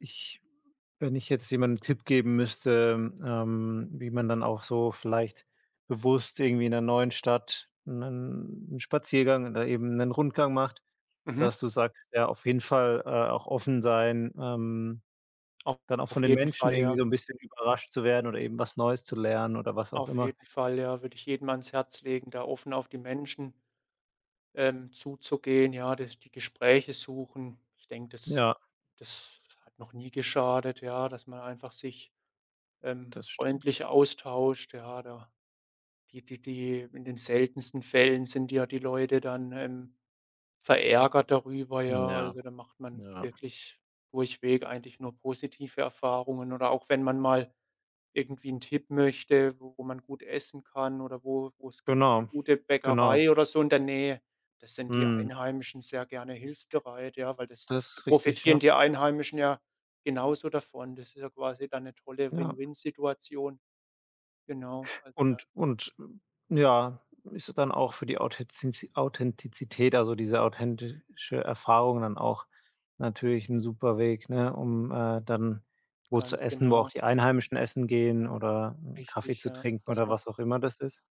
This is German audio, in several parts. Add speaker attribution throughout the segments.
Speaker 1: Ich wenn ich jetzt jemandem 'n Tipp geben müsste, ähm, wie man dann auch so vielleicht bewusst irgendwie in 'ner neuen Stadt 'nen 'n Spaziergang oder eben 'nen Rundgang macht,
Speaker 2: Mhm.
Speaker 1: dass du sagst, ja, auf jeden Fall, äh, auch offen sein, ähm,
Speaker 2: Au
Speaker 1: dann auch von
Speaker 2: auf
Speaker 1: den
Speaker 2: jeden
Speaker 1: Menschen
Speaker 2: Fall,
Speaker 1: irgendwie
Speaker 2: ja.
Speaker 1: so 'n bisschen überrascht zu werden oder eben was Neues zu lernen, oder was auch
Speaker 2: Auf
Speaker 1: immer.
Speaker 2: jeden Fall, ja. Würde ich jedem ans Herz legen, da offen auf die Menschen ähm, zuzugehen, ja, das die Gespräche suchen. Ich denke, das
Speaker 1: Ja.
Speaker 2: das hat noch nie geschadet, ja, dass man einfach sich, ähm,
Speaker 1: Das stimmt.
Speaker 2: freundlicher austauscht, ja, da die die die in den seltensten Fällen sind ja die Leute dann, ähm, verärgert darüber,
Speaker 1: Hm,
Speaker 2: ja.
Speaker 1: ja.
Speaker 2: Also, da macht man
Speaker 1: Ja.
Speaker 2: wirklich durchweg eigentlich nur positive Erfahrungen oder auch wenn man mal irgendwie 'n Tipp möchte, wo wo man gut essen kann oder wo wo es gibt, 'ne
Speaker 1: Genau,
Speaker 2: gute
Speaker 1: genau.
Speaker 2: Bäckerei oder so in der Nähe. Da sind die
Speaker 1: Mhm.
Speaker 2: Einheimischen sehr gerne hilfsbereit, ja, weil das
Speaker 1: Das
Speaker 2: da
Speaker 1: ist richtig,
Speaker 2: profitieren
Speaker 1: ja.
Speaker 2: die Einheimischen ja genauso davon. Das ist ja quasi dann 'ne tolle
Speaker 1: Ja.
Speaker 2: Win-Win-Situation. Genau, also, da
Speaker 1: Und und, hm, ja, ist dann auch für die Authenzizi Authentizität, also, diese authentische Erfahrung dann auch natürlich 'n super Weg, ne, um, äh, dann wo zu
Speaker 2: Ganz
Speaker 1: essen, wo auch
Speaker 2: genau.
Speaker 1: die Einheimischen essen gehen oder Kaffee
Speaker 2: Richtig,
Speaker 1: zu
Speaker 2: ja,
Speaker 1: trinken
Speaker 2: dass
Speaker 1: oder
Speaker 2: man
Speaker 1: was auch immer das ist.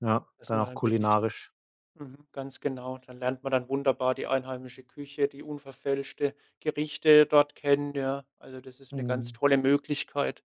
Speaker 1: Ja,
Speaker 2: dass
Speaker 1: dann
Speaker 2: man
Speaker 1: auch
Speaker 2: dann wirklich
Speaker 1: kulinarisch.
Speaker 2: mhm, ganz genau, da lernt man dann wunderbar die einheimische Küche, die unverfälschte Gerichte dort kennen, ja. Also, das ist 'ne ganz
Speaker 1: Mhm.
Speaker 2: tolle Möglichkeit.